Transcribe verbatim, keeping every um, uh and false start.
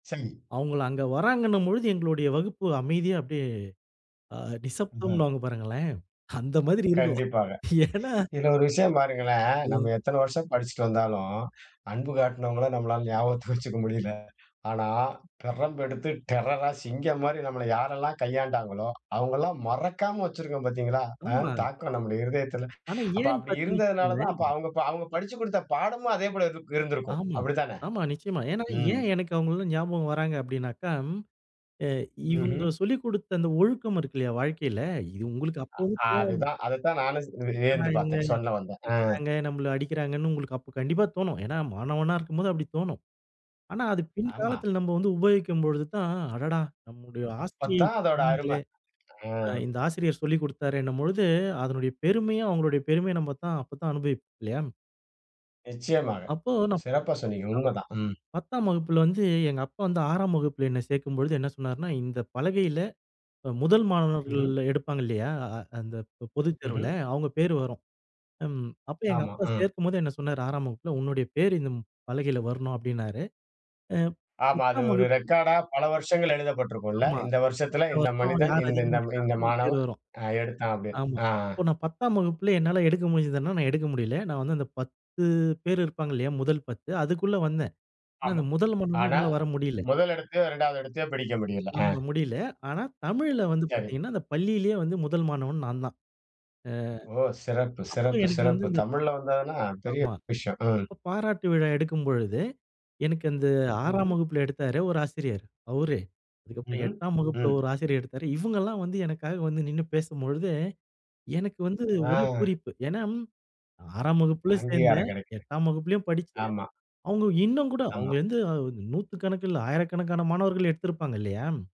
சம்மி அவுங்கள அங்க வர்றாங்கன்னும் பொழுது எங்களுடைய வகுப்பு, அமைதியா அப்படியே ஆ ம்ஹ. நிசப்தம்ன்வாங்க பாருங்களேன். அந்த மாதிரி இருக்கும். கண்டிப்பாக. ஏனா இதுல ஒரு விஷயம் பாருங்களேன், நம்ம ஓ. எத்தன வருஷம் படிச்சிட்டு வந்தாலும், அன்பு காட்டுனவங்கள நம்மளால ஞாபகத்துக்கு வச்சுக்க முடியல. ஆனா, பிரம்பு எடுத்து டெரர்ரா சிங்கம் மாரி நம்மள யாரெல்லாம் கையாண்டாங்களோ, அவங்கெல்லாம் மறக்காம வச்சிருக்கோம் பாத்தீங்களா? அ ஆமா. தாக்கம் நம்ம இருதயத்துல. ஆனா, அப்ப ஏன்னு அப்படி பார்த்தீங்கன்னா இருந்ததுனால தான் அப்ப வச்சிக்கோங்கோளேன் அவங்க அவங்க படிச்சுக் குடுத்த பாடமும் அதே போல இருக் இருந்திருக்கும். ஆமா. அப்படி தான? ஆமா. நிச்சயமா. ஏனா, ம். ஏன் எனக்கு அவங்கல்லாம் ஞாபகம் வர்றாங்க அப்டின்னாக்கா, ம். இவங்க ம்ஹ்ம். சொல்லிக் குடுத்த அந்த ஒழுக்கம் இருக்கு இல்லையா? அந்த வாழ்க்கையில இது உங்களுக்கு அப்பவும் அ தோணனும். அதுதான் அதுதான் நானும் சேர்ந்து என்னடா வியந்து இவங்க! பார்த்தேன் சொல்ல வந்தேன். அ. திட்றாங்க, நம்மள அடிக்கிறாங்கன்னு உங்களுக்கு அப்போ கண்டிப்பா தோணும். ஏனா, மாணவனா இருக்கும்போது அப்படித் தோணும். ஆனா, அது ஆமா. பின்காலத்துல நம்ம வந்து உபயோகிக்கும் பொழுது தான், அடடா! நம்முடைய அப்பத் ஆஸ்தியை தான் அதோட அரும. சொன்னாங்களே. அ. அ, இந்த ஆசிரியர் சொல்லிக் குடுத்தாரேன்னும் பொழுது, அதனுடைய பெருமையும், அவங்களுடைய பெருமைய நம்ம தான் அப்ப தான் அனுபவிப்போம் இல்லையா? நிச்சயமாக, அப்போ நான் சிறப்பா சொன்னீங்க. உண்மதான். ம். பத்தாம் வகுப்புல வந்து எங்க அப்பா வந்து ஆறாம் வகுப்புல என்ன சேர்க்கும்பொழுது என்ன சொன்னாருனா, இந்த பலகையில அ முதல் மாணவர்கள் ம்ஹ்ம். எடுப்பாங்க இல்லையா? அந்த பொ பொதுத்தேர்வுல ம்ஹ்ம். அவங்க பேர் வரும். ம் அப்போ எங்க ஆமா. அப்பா அ. சேர்க்கும்போது என்ன சொன்னாரு. ஆறாம் வகுப்புல உன்னுடைய பேரு இந்த பலகையில வரணும் அப்படின்னாரு. அ. ஆமா. அது பத்தாம் ஒரு வகுப்பு ரெக்கார்ட்டா பல வருஷங்கள் எழுதப்பட்ருக்கும்ல்ல. ஆமா. இந்த வருஷத்துல வருஷம் இந்த வருஷம் மனிதன், யார் அதிகமா இந்தந்த இந்த எடுக்குறாங்களோ நமக்கு பேர் மாணவன் வரும். அ எடுத்தான் அப்படின்னு. ஆமா. ஆ, அ. அப்போ நான் பத்தாம் வகுப்பிலே என்னால எடுக்க முடிஞ்சிதுனா, நான் எடுக்க முடில. நான் வந்து அந்த பத்து பேர் இருப்பாங்க இல்லையா? முதல் பத்து அதுக்குள்ள வந்தேன். ஆனா ஆமா. அந்த முதல் மானவனா ஆனா, என்னால வரமுடியல. முதல் இடத்தையோ, இரண்டாவது இடத்தையோ பிடிக்க முடியல. அ. ஆமா. முடில ஆனா, தமிழ்ல வந்து சரி. பார்த்தீங்கன்னா, அந்த பள்ளியிலேயே வந்து முதல் மாணவன் நான் தான். ஓ! சிறப்பு, அ, அப்போ சிறப்பு, எனக்கு வந்து சிறப்பு. இந்த தமிழ்ல வந்ததுனா பெரிய ஆமா. விஷயம். ம். அப்போ பாராட்டு விழா எடுக்கும்பொழுது, எனக்கு அந்த ஆறாம் ம்ஹ்ம். வகுப்புல எடுத்தாரு ஒரு ஆசிரியர் அவுரே அதுக்கப்புறம் ம்ஹ்ம். எட்டாம் வகுப்புல ம். ஒரு ஆசிரியர் எடுத்தாரு. இவங்க எல்லாம் வந்து எனக்காக வந்து நின்னு பேசும்பொழுது, எனக்கு வந்து ஒரே ஆ. பூரிப்பு. ஏனா ஆறாம் வகுப்புல அங்கீகாரம் சேர்ந்தேன். கிடைக்குது. எட்டாம் வகுப்பிலும் படிச்சேன். ஆமா. அவங்க இன்னும் கூட ஆமா. அவங்க வந்து நூத்துக்கணக்கில்ல ஆயிரக்கணக்கான மாணவர்கள் எடுத்திருப்பாங்க இல்லையா?